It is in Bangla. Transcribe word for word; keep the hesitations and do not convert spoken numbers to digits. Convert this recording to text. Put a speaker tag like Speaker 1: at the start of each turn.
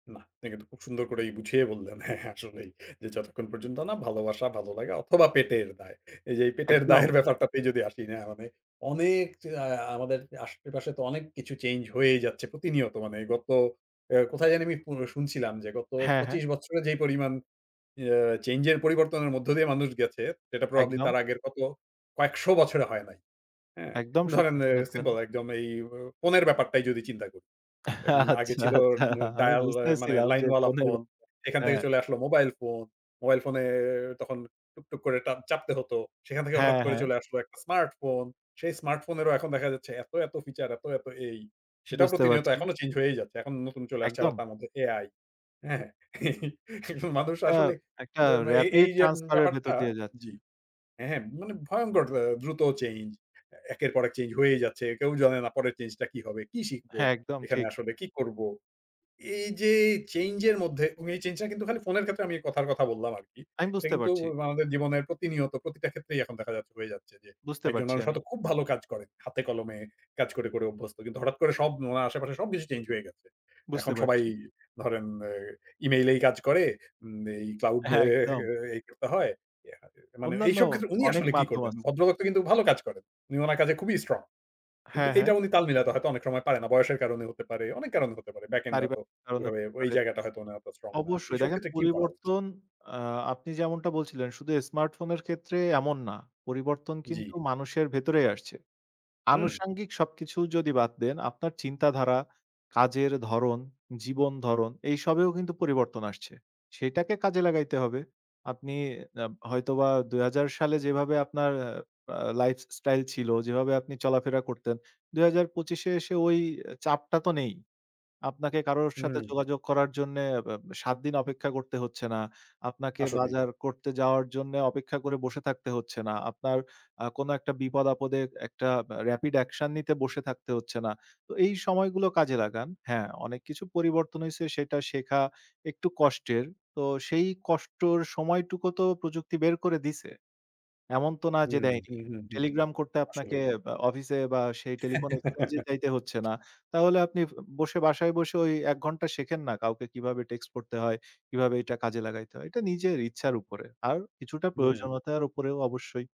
Speaker 1: না, আপনি কিন্তু খুব সুন্দর করে বুঝিয়ে বললেন। হ্যাঁ, আসলেই যে, যতক্ষণ পর্যন্ত না ভালোবাসা ভালো লাগা অথবা পেটের দায়। এই যে এই পেটের
Speaker 2: একদম।
Speaker 1: দায়ের ব্যাপারটাতে যদি আসি না মানে অনেক আ আমাদের আশেপাশে তো অনেক কিছু চেঞ্জ হয়েই যাচ্ছে। প্রতিনিয়ত মানে গত অ্যা কোথায় জানি আমি পো শুনছিলাম যে গত
Speaker 2: হ্যাঁ, হ্যাঁ।
Speaker 1: পঁচিশ বছরে যেই পরিমাণ অ্যা চেঞ্জ এর পরিবর্তনের মধ্য দিয়ে মানুষ গেছে সেটা প্রবাবলি
Speaker 2: একদম।
Speaker 1: তার আগের কত কয়েকশো বছরে হয় নাই। হ্যাঁ,
Speaker 2: একদম
Speaker 1: ধরেন
Speaker 2: সত্যি শুনেছেন।
Speaker 1: সিম্পল একদম এ এ এই ফোনের ব্যাপারটাই যদি চিন্তা করি। এন আগে
Speaker 2: আচ্ছা,
Speaker 1: ছিল
Speaker 2: আচ্ছা আমি
Speaker 1: ডায়াল মানে
Speaker 2: বুঝতেছিলাম যে
Speaker 1: লাইনওয়ালা
Speaker 2: ফোনের
Speaker 1: ফোন এখান থেকে
Speaker 2: হ্যাঁ।
Speaker 1: চলে আসলো মোবাইল ফোন, মোবাইল ফোনে তখন টুকটুক করে ট্যাঁ চাপতে হত। সেখান থেকে হঠাৎ
Speaker 2: হ্যাঁ,
Speaker 1: করে
Speaker 2: হ্যাঁ।
Speaker 1: চলে আসলো একটা স্মার্ট ফোন। সেই স্মার্টফোনেরও এখন দেখা যাচ্ছে এত, এত ফিচার এত, এত এই সেটাও
Speaker 2: বুঝতে
Speaker 1: প্রতিনিয়ত
Speaker 2: পারছি।
Speaker 1: এখনো চেঞ্জ হয়েই যাচ্ছে। এখন নতুন চলে আসছে
Speaker 2: একদম।
Speaker 1: তার মধ্যে AI হ্যাঁ। মানুষ
Speaker 2: এটা
Speaker 1: আসলে
Speaker 2: একটা
Speaker 1: এই
Speaker 2: রেপিড
Speaker 1: যে
Speaker 2: ট্রান্সফার এর ভেতর
Speaker 1: ব্যাপারটা
Speaker 2: দিয়ে যাচ্ছে।
Speaker 1: জি। হ্যাঁ, মানে ভয়ংকর আ দ্রুত চেঞ্জ। একের পর এক চেঞ্জ হয়েই যাচ্ছে। কেউ জানে না পরের চেঞ্জটা কি হবে? কি শিখব,
Speaker 2: হ্যাঁ, একদম
Speaker 1: এখানে
Speaker 2: ঠিক।
Speaker 1: আসলে কী করব? এই যে, চেঞ্জ এর মধ্যে, এ চেঞ্জটা কিন্তু খালি ফোনের ক্ষেত্রে আমি কথার কথা বললাম আরকি।
Speaker 2: আমি
Speaker 1: এটা
Speaker 2: বুঝতে
Speaker 1: কিন্তু
Speaker 2: পারছি।
Speaker 1: আমাদের জীবনের প্রতিনিয়ত প্রতিটা ক্ষেত্রেই এখন দেখা যাচ্ছে হয়ে যাচ্ছে যে,
Speaker 2: বুঝতে
Speaker 1: একজন
Speaker 2: পারছি
Speaker 1: মানুষ
Speaker 2: আমি।
Speaker 1: হয়তো খুব ভালো কাজ করে। হাতে কলমে কাজ করে, করে অভ্যস্ত। কিন্তু হঠাৎ করে উনার আশেপাশে সবকিছু চেঞ্জ হয়ে গেছে।
Speaker 2: বুঝতে
Speaker 1: এখন সবাই
Speaker 2: পারছি।
Speaker 1: ধরেন এ ইমেইল এই কাজ করে, এই ক্লাউড অ্যা
Speaker 2: হ্যাঁ, একদম।
Speaker 1: অ্যাঁ করতে হয়। ইয়া আ মানে
Speaker 2: অন্যান্য
Speaker 1: এইসব ক্ষেত্রে উনি
Speaker 2: অনেক
Speaker 1: আসলে কী
Speaker 2: মাধ্যম
Speaker 1: করবেন?
Speaker 2: আছে।
Speaker 1: ভদ্রলোক তো কিন্তু ভালো কাজ করেন। উনি উনার কাজে খুবই স্ট্রং। কিন্তু
Speaker 2: হ্যাঁ,
Speaker 1: এইটা
Speaker 2: হ্যাঁ।
Speaker 1: উনি তাল মিলাতে হয়তো অনেক সময় পারে না। বয়সের কারণে হতে পারে, অনেক কারণে হতে পারে ব্যাক এন্ড হয়তো
Speaker 2: পারিবারিক কারনেও
Speaker 1: ওভাবে
Speaker 2: হতে
Speaker 1: ওই
Speaker 2: পারে।
Speaker 1: জায়গাটা হয়তো উনি এত স্ট্রং না।
Speaker 2: অবশ্যই
Speaker 1: এসব
Speaker 2: দেখেন
Speaker 1: ক্ষেত্রে কি করা উচিত?
Speaker 2: পরিবর্তন আ আপনি যে এমনটা বলছিলেন শুধু স্মার্টফোনের ক্ষেত্রে এমন না। পরিবর্তন
Speaker 1: জ্বি।
Speaker 2: কিন্তু মানুষের ভেতরেই আসছে।
Speaker 1: হুম।
Speaker 2: আনুষাঙ্গিক সবকিছু যদি বাদ দেন আপনার চিন্তাধারা, কাজের ধরন, জীবন ধরণ এইসবেও কিন্তু পরিবর্তন আসছে। সেটাকে কাজে লাগাইতে হবে। আপনি অ্যা হয়তোবা দুই হাজার সালে যেভাবে আপনার আ আ লাইফ স্টাইল ছিল, যেভাবে আপনি চলাফেরা করতেন, দুই হাজার পঁচিশ এসে ওই চাপটা তো নেই। আপনাকে কারোর সাথে
Speaker 1: হুম।
Speaker 2: যোগাযোগ করার জন্যে এব সাত দিন অপেক্ষা করতে হচ্ছে না। আপনাকে
Speaker 1: আসলেই।
Speaker 2: বাজার করতে যাওয়ার জন্যে অপেক্ষা করে বসে থাকতে হচ্ছে না। আপনার আ কোনো একটা বিপদ-আপদে একটা রেপিড অ্যাকশন নিতে বসে থাকতে হচ্ছে না। তো এই সময়গুলো কাজে লাগান। হ্যাঁ, অনেক কিছু পরিবর্তন হইছে সেটা শেখা একটু কষ্টের। তো সেই কষ্টের সময়টুকু তো প্রযুক্তি বের করে দিছে। এমন তো না যে
Speaker 1: হুম,
Speaker 2: দেয়নি।
Speaker 1: হুম, হুম, হুম
Speaker 2: টেলিগ্রাম করতে আপনাকে
Speaker 1: আসলেই।
Speaker 2: আ অফিসে বা সেই টেলিফোন এক্সচেঞ্জ এ যাইতে হচ্ছে না। তাহলে আপনি বসে বাসায় বসে ওই এক ঘন্টা শেখেন না কাউকে কিভাবে টেক্সট পড়তে হয়, কিভাবে এটা কাজে লাগাইতে হয়। এটা নিজের ইচ্ছার উপরে। আর কিছুটা
Speaker 1: হুম।
Speaker 2: প্রয়োজনীয়তার উপরেও অবশ্যই।